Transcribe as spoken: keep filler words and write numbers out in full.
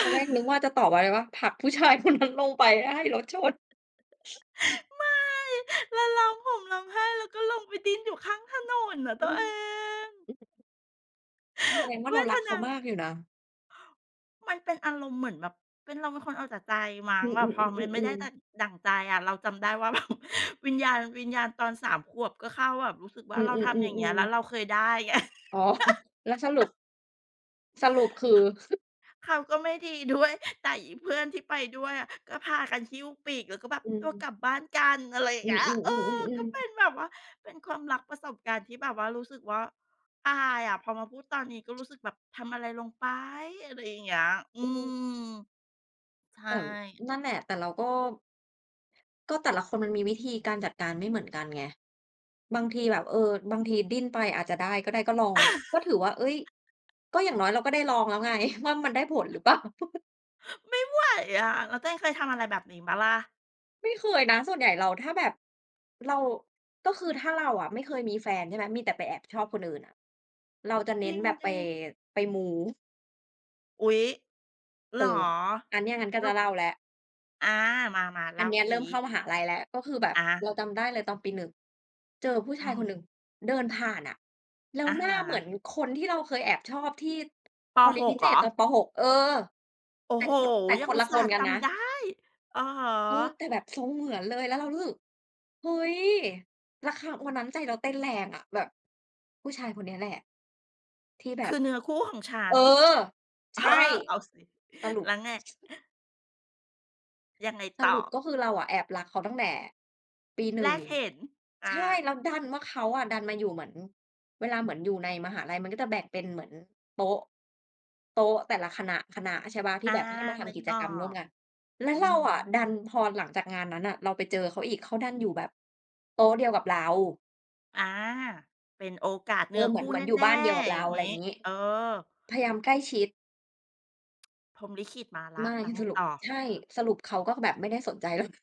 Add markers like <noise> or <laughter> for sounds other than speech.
ตอนแรกนึกว่าจะตอบอะไรรู้เปล่า "ผลักผู้ชาย คนนั้น ลงไปให้รถชน" ไม่ และร้องห่มร้องไห้ แล้วก็ลงไปดิ้นอยู่ข้างถนนอะตอืัวเม อง แสดงว่เาวเรารทักเขนาา มากอยู่นะ มันเป็นอารมณ์เหมือนแบบ เป็น เราเป็นคนเอาแต่ใจมั้อง ืแบบพอมันไม่ได้อ ๆ ดๆ ัๆ ๆ ่ง ดั่งใจอะ เราจำได้ว่า แบบ วิญญาณ วิญญาณตอน สาม ขวบก็เข้า แบบรู้สึกวอ่ืาเราทำอย่างเงี้ย อ แลๆ ้วๆ ๆ เราเคยได้ไง อ๋อ <chuckles> แล้วสรุป <chuckles> สรุปคือ? เขาก็ไม่ดี ด้วย แต่อีเพื่อนที่ไปด้วยอะก็พากันหิ้วปีก แล้วก็แบบ อื"ตัวม กลับบ้านกัน" อะไรอย่าองืเงอ ี้ย เออ ก็ๆ ๆ เปๆ ๆ ็นแบบว่า เป็นความรักประสบการณ์ที่แบบว่ารู้สึกว่าอายอะ พอมาพูดตอนนี้ก็รู้สึกแบบ "ทำอะไรลงไป" อะไรอย่างเงี้ย อือืม ม ใชแ่ ต่นั่นแหละ แต่เราก็ ก็แต่ละคนมันมีวิธีการจัดการไม่เหมือนกันไง บางทีแบบ เออ บางทีดิ้นไปอาจจะได้ก็ได้ ก็ลอง ก็ถือว่า เอ๊ย ก็อย่างน<chuckles> ้อยเราก็ได้ลองแล้วไง <chuckles> ว่ามันได้ผลหรือ เปล่า <chuckles> ไม่ไหว อะ แล้วตัวเองเคยทำอะไรแบบนี้เปล่าล่ะ? ไม่เคยนะ ส่วนใหญ่เรา ถ้าแบบเรา ก็คือถ้าเราอะไม่เคยมีแฟนใช่ไหม มีแต่ไปแอบชอบคนอื่นอะ เราจะเจน้รินงแบบดไป ิ? ไปมู อุ๊ย เเหอรอ อ? อันเนี้ยงั้นก็เรจา ะเล่าแล้ว อา มา ๆ เอลั่นาเนี้ยซเริิ ่มเข้ามหาลัยแล้ว ก็คือแบบอา เราจำได้เลยตอนปี หนึ่ง เจอผู้ชอืาอยฮคึ นหนึ่งเดินผ่านอะ แล้อวะหนฮ้าเหมืะ อนคนที่เราเคยแอบชอบที่ ป. ตอนเรีหยนพก ิเเหศรษอ? ตอน ป. หก เออ โอ้แต่โฮ คน แต่ยัคงอนุลตะสค่าหน์กัจนนะ ำได้ อะฮะ เออ แต่แบบทรงเหมือนเลย แล้วเรารู้สึก เฮ้ย แล้ว ค วันนั้นใจเราเต้นแรงอะแบบ "ผู้ชายคนเนี้ยแหละที่แบคืบ" อเนื้อคู่ของฉัเอน อ เใอชอ ่ เอาสิ สรุป แล้วไง? ยังไงสต่รอ? ุปก็คือเราอะแอบรักเขาตั้งแต่ปี หนแรึ่ง กเห็น อใช่ า แล้วดันว่าเขาอะดันมาอยู่เหมือน เวลาเหมือนอยู่ในมหาลัยมันก็จะแบ่งเป็นเหมือนโต๊ะ โต๊ะแต่ละคณะ ๆ ใช่เปล่า ทอี่า แบบ ให้มาทนึำกกิจออกรรมร่วก มกัน แล้อืวเอราฮึ อะดัน พอหลังจากงานนั้นอะเราไปเจอเขาอีก เขาดันอยู่แบบโต๊ะเดียวกับเรา อา เป็นโอกาสเเนอื้ออ เหคมือูน ่เหมแือนอยู่ น่ บ้านเดียวกับๆ เอรย่า างงไรี้ งี้ เออ พยายามใกล้ชิด พรหมลิขิตมาแล้ไมว ่ แล้วไงสรุป ต่อ? ใช่ สรุปเขาก็คือแบบไม่ได้สนใจ เรา